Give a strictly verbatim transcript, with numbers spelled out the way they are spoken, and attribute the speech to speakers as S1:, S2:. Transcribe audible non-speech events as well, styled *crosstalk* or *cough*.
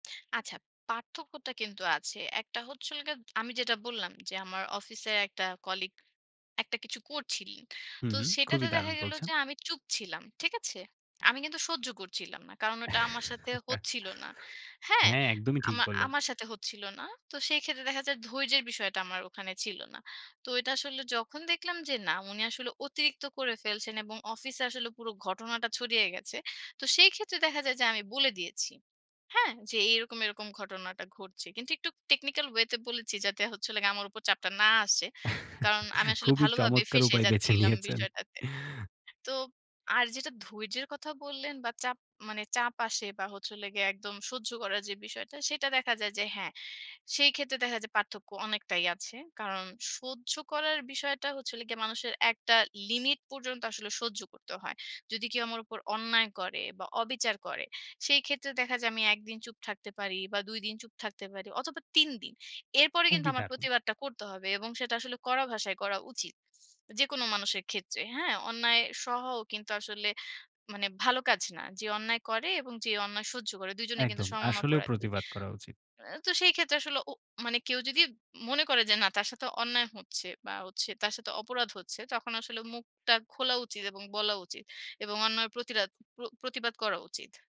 S1: আচ্ছা। পার্থক্যটা কিন্তু আছে। একটা হচ্ছিল গিয়া আমি যেটা বললাম যে, "আমার অফিসে একটা কলিগ একটা কিছু করছিলেন।"
S2: হু,
S1: তো
S2: হুম।
S1: সেটাতে
S2: খুবই
S1: দেখা
S2: দারুণ
S1: গেল
S2: বলছেন।
S1: যে আমি চুপ ছিলাম। ঠিক আছে? আমি কিন্তু সহ্য করছিলাম না। কারণ ঐটা আমার
S2: *laughs*
S1: সাথে হচ্ছিল না, হ্যাঁ?
S2: হ্যাঁ, একদমই ঠিক
S1: আমা
S2: বললেন।
S1: আমার সাথে হচ্ছিল না। তো সেইক্ষেত্রে দেখা যায় ধৈর্যের বিষয়টা আমার ওখানে ছিল না। তো এইটা আসলে যখন দেখলাম যে না, উনি আসলে অতিরিক্ত করে ফেলছেন এবং অফিসে আসলে পুরো ঘটনাটা ছড়িয়ে গেছে। তো সেইক্ষেত্রে দেখা যায় যে, আমি বলে দিয়েছি। হ্যাঁ? যে, "এইরকম, এরকম ঘটনাটা ঘটছে।" কিন্তু একটু টেকনিক্যাল ওয়েতে বলেছি যাতে হচ্ছিলো গিয়া আমার উপর চাপটা না আসে।
S2: *chuckles*
S1: কারণ আমি আসলে
S2: খুবই
S1: ভালোভাবে
S2: চমৎকার
S1: ফেঁসে
S2: উপায় বেছে
S1: যাচ্ছিলাম
S2: নিয়েছেন।
S1: বিষয়টাতে। তো আর যেটা ধৈর্যের কথা বললেন বা, চাপ মানে চাপ আসে বা, হচ্ছে হলে গিয়া একদম সহ্য করা যে বিষয়টা সেটা দেখা যায় যে হ্যাঁ, সেইক্ষেত্রে দেখা যায় যে পার্থক্য অনেকটাই আছে। কারণ সহ্য করার বিষয়টা হচ্ছে হলো গিয়া মানুষের একটা লিমিট পর্যন্ত আসলে সহ্য করতে হয়। যদি কেউ আমার উপর অন্যায় করে বা, অবিচার করে, সেইক্ষেত্রে দেখা যায় আমি এক দিন চুপ থাকতে পারি বা, দুই দিন চুপ থাকতে পারি অথবা, তিন দিন। এরপরে কিন্তু
S2: খুবই
S1: আমার
S2: দারুণ।
S1: প্রতিবাদটা করতে হবে। এবং সেটা আসলে কড়া ভাষায় করা উচিত। যেকোনো মানুষের ক্ষেত্রে, হ্যাঁ? অন্যায় সহাও কিন্তু আসলে মানে ভালো কাজ না। যে অন্যায় করে এবং যে অন্যায় সহ্য করে, দুজনেই কিন্তু
S2: একদম।
S1: সমান
S2: আসলেও
S1: অপরাধী।
S2: প্রতিবাদ করা উচিত।
S1: আ তো সেইক্ষেত্রে আসলে উ মানে কেউ যদি মনে করে যে না তার সাথে অন্যায় হচ্ছে বা, হচ্ছে তার সাথে অপরাধ হচ্ছে, তখন আসলে মুখটা খোলা উচিত এবং বলা উচিত। এবং অন্যায়ের প্রতিরাত প্র প্রতিবাদ করা উচিত।